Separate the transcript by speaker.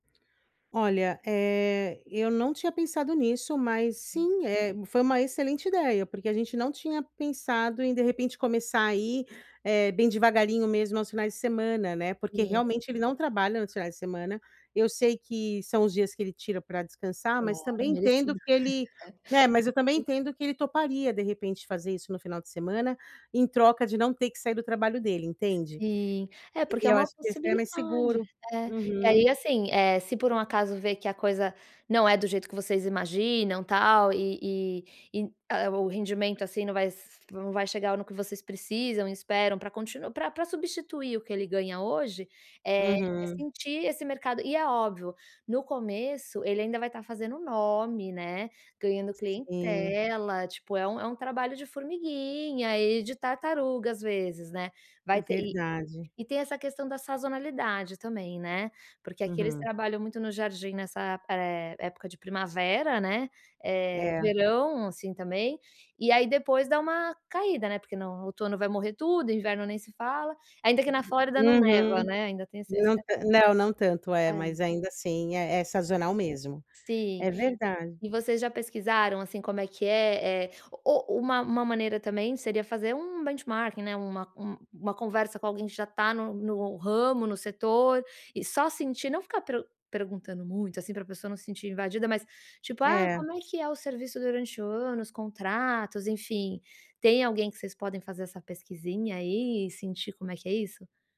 Speaker 1: Olha, eh, eu não tinha pensado nisso, mas, sim, eh, foi uma excelente ideia, porque a gente não tinha pensado em, de repente, começar aí, eh, bem devagarinho mesmo, aos finais de semana, né, porque
Speaker 2: Sim.
Speaker 1: realmente, ele não trabalha nos finais de semana, eu sei que são os dias que ele tira pra descansar, mas
Speaker 2: Claro,
Speaker 1: também entendo
Speaker 2: merecido.
Speaker 1: que ele é, mas eu também entendo que ele toparia, de repente, fazer isso no final de semana, em troca de não ter que sair do trabalho dele, entende.
Speaker 2: Sim. É, porque
Speaker 1: E
Speaker 2: é
Speaker 1: eu
Speaker 2: uma
Speaker 1: acho que ia ficar mais
Speaker 2: possibilidade.
Speaker 1: seguro.
Speaker 2: É. E
Speaker 1: Uhum.
Speaker 2: aí assim, eh, se por um acaso ver que a coisa não é do jeito que vocês imaginam, tal, e e e, ah ah, o rendimento, assim, não s não vai chegar no que vocês precisam, e esperam para continu pra pra substituir o que ele ganha hoje, eh, é
Speaker 1: Uhum.
Speaker 2: sentir esse mercado e é óbvio, no começo, ele ainda vai estar fazendo nome, né, ganhando
Speaker 1: Sim.
Speaker 2: clientela, tipo, é um é um trabalho de formiguinha, e de tartaruga, às vezes, né. Vai ter e
Speaker 1: Verdade.
Speaker 2: e tem essa questão da sazonalidade também, né. Porque aqui eles
Speaker 1: Uhum.
Speaker 2: trabalham muito no jardim nessa, eh, época de primavera, né, eh,
Speaker 1: É.
Speaker 2: verão, assim, também. E aí depois, dá uma caída, né, porque no outono vai morrer tudo, inverno nem se fala. Ainda que na Flórida não neva,
Speaker 1: Uhum.
Speaker 2: né, ainda tem esse esse
Speaker 1: Não ta não, não tanto. É, mas
Speaker 2: Hã.
Speaker 1: ainda assim, é é sazonal mesmo.
Speaker 2: Sim.
Speaker 1: É verdade.
Speaker 2: E vocês já pesquisaram, assim, como é que é, eh, o o uma uma maneira também, seria fazer um benchmarking, né, uma um uma conversa com alguém que já está no no ramo, no setor, e só sentir, não ficar pru perguntando muito, assim, para a pessoa não sentir invadida, mas, tipo: "Ah,
Speaker 1: É.
Speaker 2: como é que é o serviço durante o ano, os contratos", enfim. Tem alguém que vocês podem fazer essa pesquisinha, aí, e sentir como é que é isso?